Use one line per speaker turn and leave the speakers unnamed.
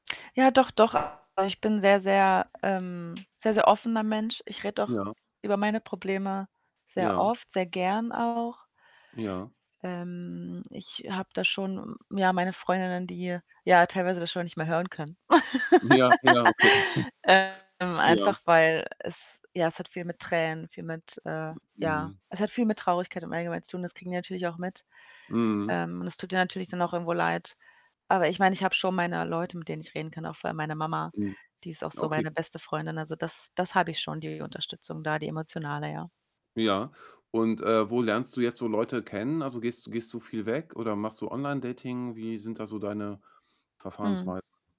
Ja doch, doch. Aber ich bin sehr, sehr, ähm, sehr, sehr offener Mensch. Ich rede auch
Ja.
über meine Probleme sehr
Ja.
oft, sehr gerne auch.
Ja.
Ähm, ich habe da schon, hm, ja, meine Freundinnen, die ja teilweise das schon nicht mehr hören können.
Ja, ja, okay.
Ähm,
Ja.
einfach weil es ja, es hat viel mit Tränen, viel mit, äh, ja
Mhm.
es hat viel mit Traurigkeit im allgemeinen zu tun das kriegen die natürlich auch mit.
Mhm.
Ähm, und das tut denen natürlich dann auch irgendwo leid. Aber ich meine, ich habe schon meine Leute, mit denen ich reden kann, auch vor allem meine Mama,
Hm.
die ist auch so
Okay.
meine beste Freundin. Also, das, das habe ich schon, die Unterstützung da, die emotionale, ja.
Ja, und, äh, wo lernst du jetzt so Leute kennen? Also, gehst du gehst du viel weg oder machst du Online-Dating? Wie sind da so deine
Mhm.
Verfahrensweisen?